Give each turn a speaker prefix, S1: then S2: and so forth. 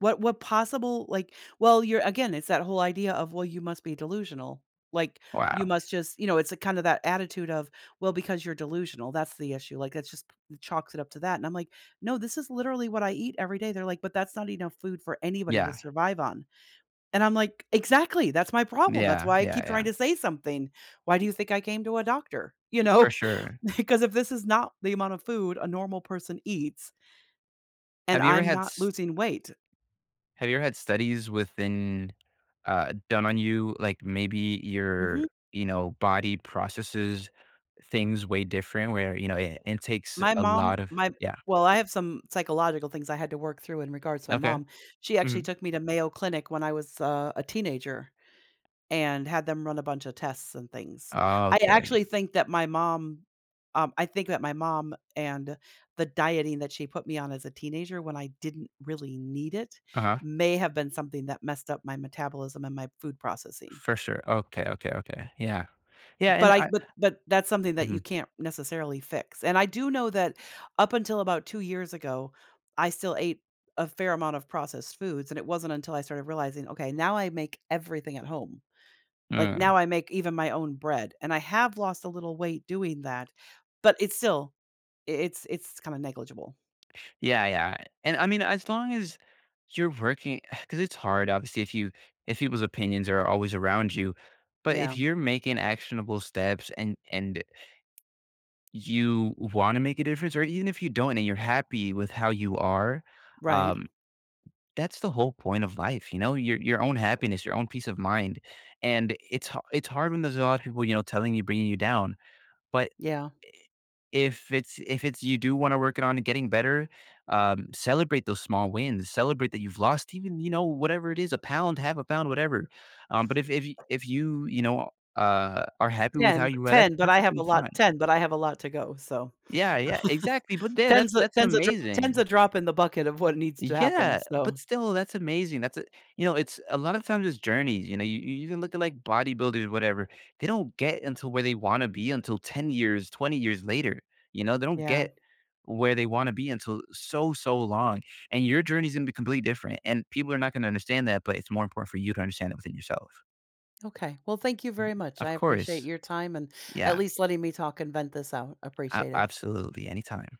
S1: What what possible like well, you're again, it's that whole idea of, "Well, you must be delusional," like, "you
S2: Wow.
S1: must just" you know, it's a kinda that attitude of, "Well, because you're delusional, that's the issue," like, that just chalks it up to that, and I'm, like, "No, this is literally what I eat every day." But they're, like, "But that's not enough food for anybody to
S2: Yeah.
S1: survive on," and I'm, like, "Exactly, that's my problem that's
S2: Yeah.
S1: why I
S2: Yeah,
S1: keep
S2: yeah.
S1: trying to say something. Why do you think I came to a doctor?" You
S2: For
S1: know?
S2: sure.
S1: Because if this is not the amount of food a normal person eats and
S2: Have you ever
S1: I'm
S2: had
S1: not
S2: s
S1: losing weight."
S2: have you ever had studies within uh, done on you, like, maybe your
S1: Mhm.
S2: you know body processes things way different where, you know, eh, it takes
S1: My
S2: a
S1: mom
S2: lot of
S1: my
S2: yeah.
S1: well, I have some psychological things I had to work through in regards to my
S2: Okay.
S1: mom. She actually
S2: Mhm.
S1: took me to Mayo Clinic when I was, uh, a teenager, and had them run a bunch of tests and things. I
S2: Okay.
S1: actually think that my mom, um, I think that my mom and the dieting that she put me on as a teenager, when I didn't really need it,
S2: Uh-huh.
S1: may have been something that messed up my metabolism and my food processing.
S2: For sure. Okay, okay, okay. Yeah. Yeah,
S1: But
S2: and
S1: I
S2: I
S1: but but that's something that you
S2: Mhm.
S1: can't necessarily fix, and I do know that, up until about 2 years ago, I still ate a fair amount of processed foods, and it wasn't until I started realizing, "Okay, now I make everything at home." Like,
S2: Mm.
S1: now I make even my own bread, and I have lost a little weight doing that, but it's still i it's it's kinda negligible.
S2: Yeah, yeah. And, I mean, as long as you're working 'cause it's hard, obviously, if you if people's opinions are always around you, but if
S1: Yeah.
S2: you're making actionable steps and and you wanna make a difference, or e even if you don't and you're happy with how you are,
S1: Right.
S2: um, that's the whole point of life, you know, your your own happiness, your own peace of mind. And it's ha it's hard when there's a lotta people, you know, telling you, bringing you down, but, i
S1: Yeah.
S2: if it's if it's you do wanna work it on and getting better, um, celebrate those small wins, celebrate that you've lost even, you know, whatever it is, a pound, 1/2 a pound, whatever, um, but if if if you, you know, uh, are happy with how
S1: 10, but
S2: you are, that's
S1: 10, but I have
S2: perfectly
S1: a lot
S2: fine.
S1: 10, but I have a lot to go, so,
S2: Yeah, yea exactly, but, the that's
S1: ten's a
S2: that's
S1: ten's a drop ten's
S2: amazing!
S1: a drop in the bucket of what needs to happen,
S2: Yeah, but
S1: so...
S2: still, that's amazing, that's, eh you know, it's a lot of times, it's journeys, you know? You you can look at, like, bodybuilders, whatever, they don't get until where they wanna be until 10 years, 20 years later, you know? They don't
S1: Yeah.
S2: get where they wanna be until so, so long, and your journey's gonna be completely different, and people are not gonna understand that, but it's more important for you to understand it within yourself.
S1: Okay. Well, thank you
S2: Um
S1: very much, I
S2: Of
S1: appreciate
S2: course.
S1: your time and at
S2: Yeah.
S1: least letting me talk and vent this out,
S2: A
S1: appreciate it.
S2: absolutely, anytime.